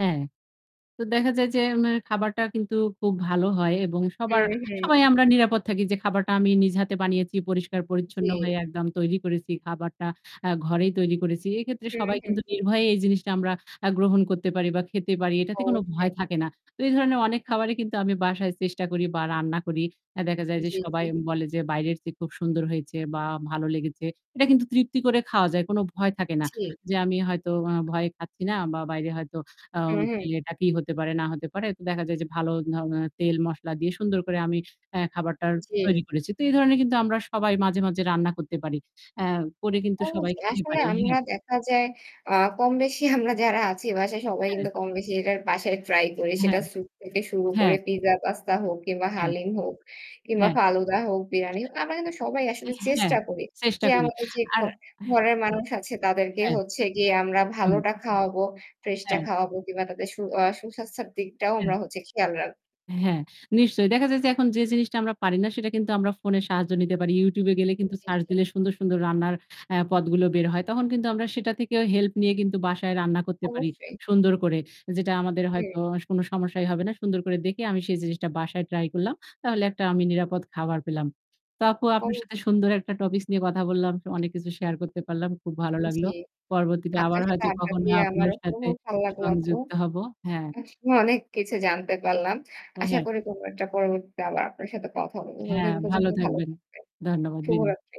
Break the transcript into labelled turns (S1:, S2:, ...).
S1: হ্যাঁ। তো দেখা যায় যে আমার খাবারটা কিন্তু খুব ভালো হয় এবং সবার,
S2: হুম, হুম।
S1: সবাই আমরা নিরাপদ থাকি যে খাবারটা আমি নিজে হাতে বানিয়েছি। পরিষ্কার-পরিচ্ছন্ন হয়ে
S2: জী।
S1: একদম তৈরি করেছি খাবারটা, অ্যা ঘরেই তৈরি করেছি। এক্ষেত্রে সবাই
S2: হুম, হুম।
S1: কিন্তু নির্ভয়ে এই জিনিসটা আমরা আ গ্রহণ করতে পারি বা খেতে পারি, এটাতে কোন ভয়
S2: অবশ্যই।
S1: থাকে না। তো এই ধরনের অনেক খাবরি কিন্তু আমি বাসায় চেষ্টা করি বা রান্না করি। অ্যা দেখা যায় যে
S2: জি, জি।
S1: সবাই বলে যে বাইরের চেয়ে খুব সুন্দর হয়েছে বা ভালো লেগেছে। এটা কিন্তু তৃপ্তি করে খাওয়া যায়, কোন ভয় থাকে না।
S2: জী।
S1: যে আমি হয়তো আ ভয় খাচ্ছি না বা বাইরে হয়তো আ
S2: হুম, হুম।
S1: খেলে এটা কি হতে পারে না হতে পারে। তো দেখা যায় যে ভালো ধরণের তেল মশলা দিয়ে সুন্দর করে আমি অ্যা খাবারটার
S2: জী।
S1: তৈরি করেছি। তো এই ধরনের কিন্তু আমরা সবাই মাঝে, মাঝে রান্না করতে পারি। অ্যা করে কিন্তু সবাই
S2: অবশ্যই
S1: খেতে
S2: আসলে
S1: পারি।
S2: আমরা
S1: হ্যাঁ।
S2: দেখা যায় আ কমবেশি আমরা যারা আছি বাসায় সবাই
S1: হ্যাঁ।
S2: কিন্তু কমবেশি যে যার বাসায় ট্রাই করি।
S1: অ্যা
S2: সেটা
S1: হ্যাঁ।
S2: স্যুপ থেকে শুরু
S1: হ্যাঁ।
S2: করে পিজ্জা, পাস্তা হোক কিংবা
S1: হ্যাঁ।
S2: হালিম হোক কিংবা
S1: হ্যাঁ।
S2: ফালুদা হোক, বিরিয়ানি হো আমরা কিন্তু সবাই আসলে
S1: অ্যা হ্যাঁ।
S2: চেষ্টা করি
S1: চেষ্টা
S2: যে
S1: করি।
S2: আমাদের যে ঘ
S1: আর
S2: ঘরের
S1: [unintelligible]
S2: মানুষ আছে তাদেরকে
S1: হ্যাঁ।
S2: হচ্ছে গিয়ে আমরা
S1: হুম।
S2: ভালোটা খাওয়াবো, ফ্রেশটা
S1: অ্যা
S2: খাওয়াবো। কিংবা তাদের সু আ সুস্বাস্থ্যের দিকটাও
S1: অ্যা
S2: আমরা হচ্ছে খেয়াল রাখ
S1: হ্যাঁ, নিশ্চয়ই। দেখা যায় যে এখন যে জিনিসটা আমরা পারি না সেটা কিন্তু আমরা ফোনের সাহায্য নিতে পারি। YouTube এ গেলে কিন্তু
S2: জী,
S1: সার্চ
S2: জী।
S1: দিলে সুন্দর, সুন্দর রান্নার অ্যা পদগুলো বের হয়। তখন কিন্তু আমরা সেটা থেকেও হেল্প নিয়ে কিন্তু বাসায় রান্না করতে পারি
S2: অবশ্যই।
S1: সুন্দর করে। যেটা আমাদের
S2: হুম।
S1: হয়তো কোন সমস্যাই হবে না। সুন্দর করে দেখে আমি সেই জিনিসটা বাসায় ট্রাই করলাম। তাহলে একটা আমি নিরাপদ খাবার পেলাম। তো আপু আপনার
S2: অব
S1: সাথে সুন্দর একটা টপিকস নিয়ে কথা বললাম। অনেক কিছু শেয়ার করতে পারলাম। খুব ভালো
S2: উম
S1: লাগলো।
S2: জী।
S1: পরবর্তীতে আবার
S2: আপনার সাথে
S1: হয়তো
S2: আড্ডা
S1: কখনো
S2: দিয়ে
S1: আপনার
S2: আমারও খুব
S1: সাথে
S2: ভাল লাগলো আপু।
S1: সংযুক্ত হব। হ্যাঁ।
S2: আসলে অনেক কিছু জানতে পারলাম।
S1: অ্যা
S2: আশা
S1: হ্যাঁ।
S2: করি কোনো একটা পরিবর্তীতে আবার আপনার সাথে কথা বলবো।
S1: হ্যাঁ
S2: ততদিন
S1: ভালো
S2: পর্যন্ত ভালো
S1: থাকবেন।
S2: থাকবেন।
S1: ধন্যবাদ বিনয়।
S2: শুভরাত্রি।